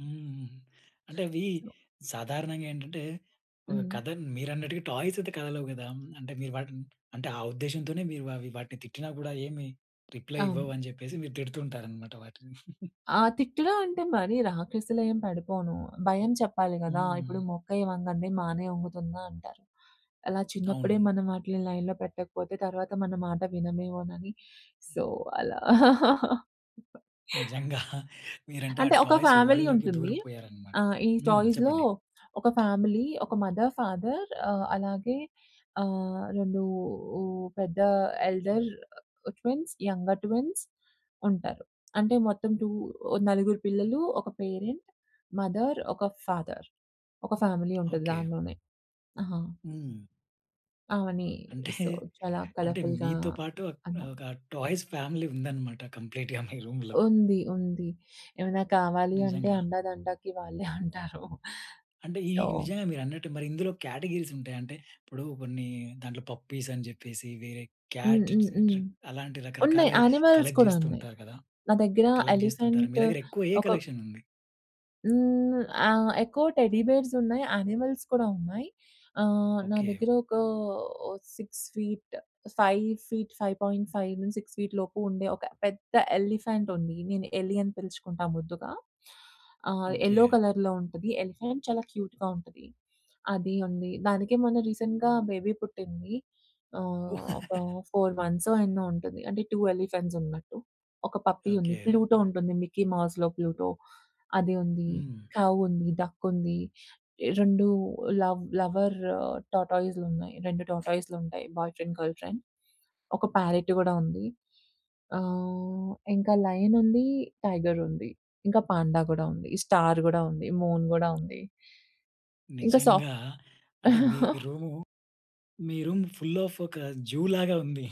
హ్మ్. అంటే అవి సాధారణంగా ఏంటంటే ఒక హ్మ్. కథ మీరన్నట్టుగా టాయ్స్ అయితే కథలవు కదా. అంటే మీరు వాటిని అంటే ఆ ఉద్దేశంతోనే మీరు అవి వాటిని తిట్టినా కూడా ఏమి రిప్లై అవును. ఇవ్వవు అని చెప్పేసి మీరు తిడుతూ ఉంటారనమాట వాటిని. ఆ! తిట్లూ అంటే మరి రాక్షసీలా ఏం పడిపోను. భయం చెప్పాలి కదా! ఇప్పుడు హ్మ్. 'మొక్కై వంగది మానై వంగుతుందా' అంటారు. అలా చిన్నప్పుడే అవును. మనం వాటిని లైన్‌లో పెట్టకపోతే తర్వాత మన మాట వినమేమోనని సో అలా. నిజంగా. మీరంటే ఆ అంటే ఒక టాయ్స్ ఫ్యామిలీ వర్ల్‌డ్‌లోకి ఉంటుంది. దూరిపోయారు అన్నమాట. ఆహ్, ఈ హ్మ్. టాయ్స్‌లో చెప్పండి. ఒక ఫ్యామిలీ, ఒక మదర్, ఫాదర్ ఆహ్, అలాగే ఆహ్, రెండు పెద్ద ఎల్డర్ ట్విన్స్, యంగర్ ట్విన్స్ ఉంటారు. అంటే మొత్తం 2 నలుగురు పిల్లలు ఒక పేరెంట్, మదర్ ఒక ఫాదర్ ఒక ఫ్యామిలీ ఉంటది ఓకె. దాంట్లోనే. ఆ! హ్మ్. ఆమెని అంటే, సో చాలా అంటే కలర్ఫుల్‌గా మీతో పాటు ఆహ్, అన్నా. ఆహ్, ఒక టాయ్స్ ఫ్యామిలీ ఉందన్నమాట. కంప్లీట్‌గా మీ రూమ్‌‌లో. ఉంది, ఉంది. ఏమైనా కావాలి అంటే నిజంగా. అండదండకి వాళ్ళే అంటారు. అంటే ఈ సో ఈ నిజంగా మీరన్నట్టు మరి ఇందులో కాటగరీస్ ఉంటాయా? అంటే ఇప్పుడు కొన్ని దాంట్లో పప్పీస్ అని చెప్పేసి వేరే క్యాట్ హుహుహు. అలాంటి రకరకాల ఉన్నాయి. యానిమల్స్ కలెక్ట్ కూడా చేస్తూ ఉన్నాయి. ఉంటారు కదా. నా దగ్గర కలెక్ట్ చేస్తుంటారు. మీ ఎలిఫెంట్ దగ్గర ఎక్కువ ఏ ఒక కలెక్షన్ ఉంది? హ్మ్. ఆహ్, ఎక్కువ టెడ్డీ బేర్స్ ఉన్నాయి. యానిమల్స్ కూడా ఉన్నాయి. ఆహ్, నా ఓకె. దగ్గర ఒక ఓ 6 ఫీట్ 5 ఫీట్, 5.5, 6 ఫీట్ లోపు ఉండే ఒక పెద్ద ఎలిఫెంట్ ఉంది. నేను 'ఎలి' అని పిలుచుకుంటా ముద్దుగా. ఆహ్, యెల్లో ఓకె. కలర్‌లో ఉంటది. ఎలిఫెంట్ చాలా క్యూట్‌గా ఉంటది, అది ఉంది. దానికి మొన్న రీసెంట్‌గా బేబీ పుట్టింది. ఆహ్, ఒక 4 మంత్స్ ఎన్నో ఉంటుంది. అంటే టు ఎలిఫెంట్స్ ఉన్నట్టు. ఒక పప్పీ ఉంది. ఓకె. ప్లూటో ఉంటుంది. మిక్కీ మౌస్‌లో ప్లూటో అది ఉంది. హ్మ్. కౌ ఉంది, డక్ ఉంది. రెండు లవ్ లవర్ టార్టోస్ ఉన్నాయి. రెండు టార్టోస్‌లు ఉంటాయి. బాయ్ ఫ్రెండ్, గర్ల్ ఫ్రెండ్ ఒక ప్యారట్ కూడా ఉంది. ఆహ్, ఇంకా లయన్ ఉంది. టైగర్ ఉంది. ఇంకా పాండ కూడా ఉంది. స్టార్ కూడా ఉంది. మూన్ కూడా ఉంది. ఇంకా నిజంగా. సాఫ్ట్ అంటే మీ రూము, మీ రూమ్ ఫుల్ ఆఫ్ ఒక జూ లాగా ఉంది.